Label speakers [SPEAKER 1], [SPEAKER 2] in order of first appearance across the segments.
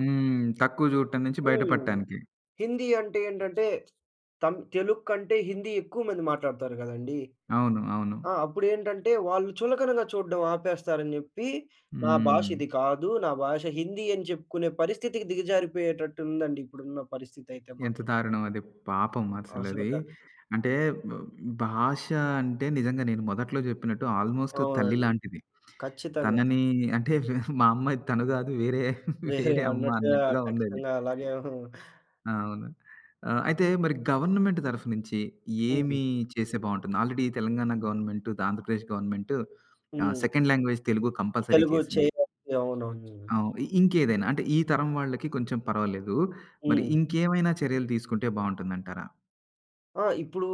[SPEAKER 1] హ్మ్. తక్కువ జూడటం నుంచి బయట
[SPEAKER 2] హ్మ్.
[SPEAKER 1] పడటానికి.
[SPEAKER 2] హిందీ అంటే ఏంటంటే తం తెలుగు కంటే హిందీ ఎక్కువ మంది మాట్లాడుతారు కదండీ!
[SPEAKER 1] అవును. అవును.
[SPEAKER 2] ఆ! అప్పుడెంటంటే వాళ్ళు చులకనగా చూడడం ఆపేస్తారని చెప్పి నా భాష
[SPEAKER 1] హ్మ్.
[SPEAKER 2] ఇది కాదు. నా భాష హిందీ అని చెప్పుకునే పరిస్థితికి దిగజారిపోయేటట్టు ఉందండి. ఇప్పుడున్న పరిస్థితి అయితే
[SPEAKER 1] ఎంత
[SPEAKER 2] మాత్రం.
[SPEAKER 1] దారుణం అది. పాపం అసలది,
[SPEAKER 2] అసలక
[SPEAKER 1] అంటే బ భాష అంటే నిజంగా నేను మొదట్లో చెప్పినట్టు ఆల్‌మోస్ట్ తల్లి
[SPEAKER 2] అవునండి.
[SPEAKER 1] లాంటిది.
[SPEAKER 2] ఖచ్చితంగా!
[SPEAKER 1] తనని అంటే వె మా అమ్మ తను కాదు వేరే వేరే అమ్మ
[SPEAKER 2] మీరన్నట్టు ఆహ్,
[SPEAKER 1] అన్నట్టుగా ఉంది అది.
[SPEAKER 2] ఖచ్చితంగా అలాగే ఉ
[SPEAKER 1] అవును. ఆహ్, అయితే మరి గవర్నమెంట్ తరఫు నుంచి ఏమి
[SPEAKER 2] హుహు.
[SPEAKER 1] చేస్తే బాగుంటుంది. Already Telangana government, Andhra Pradesh government ఆహ్,
[SPEAKER 2] హ్మ్.
[SPEAKER 1] Second language Telugu compulsory
[SPEAKER 2] Telugu
[SPEAKER 1] చేసింది.
[SPEAKER 2] చేయాలి. అవునవును.
[SPEAKER 1] అవును. ఇంకేదైనా అంటే ఈ తరం వాళ్ళకి కొంచెం పర్వాలేదు, మరి
[SPEAKER 2] హ్మ్.
[SPEAKER 1] ఇంకేమైనా చర్యలు తీసుకుంటే బావుంటుందంటారా?
[SPEAKER 2] ఆ! ఇప్పుడు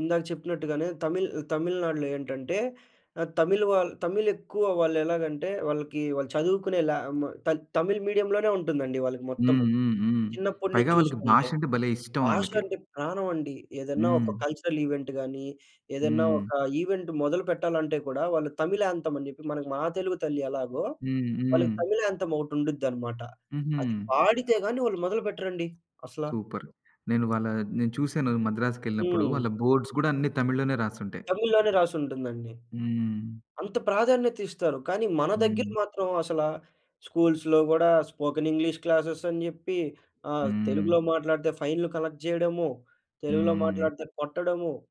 [SPEAKER 2] ఇందాక చెప్పినట్టుగానే, తమిళ్ తమిళనాడులో ఏంటంటే ఆ తమిళ్ వా తమిళ్ ఎక్కువ వాళ్ళు ఎలాగంటే వాళ్ళకి వాళ్ళు చదువుకునే లా మ త తమిళ్ మీడియంలోనే ఉంటుందండి. వాళ్ళకి
[SPEAKER 1] హ్మ్.
[SPEAKER 2] మొత్తము
[SPEAKER 1] హ్మ్. హ్మ్.
[SPEAKER 2] చిన్నప్పటి
[SPEAKER 1] పైగా
[SPEAKER 2] నుంచి
[SPEAKER 1] వాళ్ళకి భాష
[SPEAKER 2] చూసుకుంటే.
[SPEAKER 1] అంటే భలే ఇష్టం
[SPEAKER 2] భాష
[SPEAKER 1] వాళ్ళకి.
[SPEAKER 2] అంటే ప్రాణం అండి. ఏదైనా ఒక
[SPEAKER 1] హ్మ్.
[SPEAKER 2] కల్చరల్ ఈవెంట్ గానీ, ఏదైనా
[SPEAKER 1] హ్మ్.
[SPEAKER 2] ఒక ఈవెంట్ మొదలుపెట్టాలంటే కూడా, వాళ్ళు తమిళ్ యాంతెం అని చెప్పి, మనకు మా తెలుగు తల్లి ఎలాగో,
[SPEAKER 1] హ్మ్.
[SPEAKER 2] వాళ్ళకి
[SPEAKER 1] హ్మ్.
[SPEAKER 2] తమిళ్ యాంతెం ఒకటి ఉండుదన్నమాట.
[SPEAKER 1] హుహు.
[SPEAKER 2] అది పాడితే గాని వాళ్ళు మొదలుపెట్టరండి అసలా!
[SPEAKER 1] సూపర్! నేను వాళ్ళ నేను చూసాను మద్రాసుకెళ్ళినప్పుడు
[SPEAKER 2] హ్మ్.
[SPEAKER 1] వాళ్ళ బోర్డ్స్ కూడా అన్ని తమిళ్‌లోనే రాసుంటాయి.
[SPEAKER 2] తమిళ్‌లోనే రాసుంటుందండి.
[SPEAKER 1] హ్మ్.
[SPEAKER 2] అంత ప్రాధాన్యత ఇస్తారు. కానీ మన దగ్గర
[SPEAKER 1] హ్మ్.
[SPEAKER 2] మాత్రం అసలా స్కూల్స్‌లో కూడా స్పోకెన్ ఇంగ్లీష్ క్లాసెస్ అని జెప్పి, ఆహ్,
[SPEAKER 1] హ్మ్.
[SPEAKER 2] తెలుగులో మాట్లాడితే ఫైన్‌లు కలెక్ట్ జేయడము, తెలుగులో
[SPEAKER 1] హ్మ్.
[SPEAKER 2] మాట్లాడితే కొట్టడము.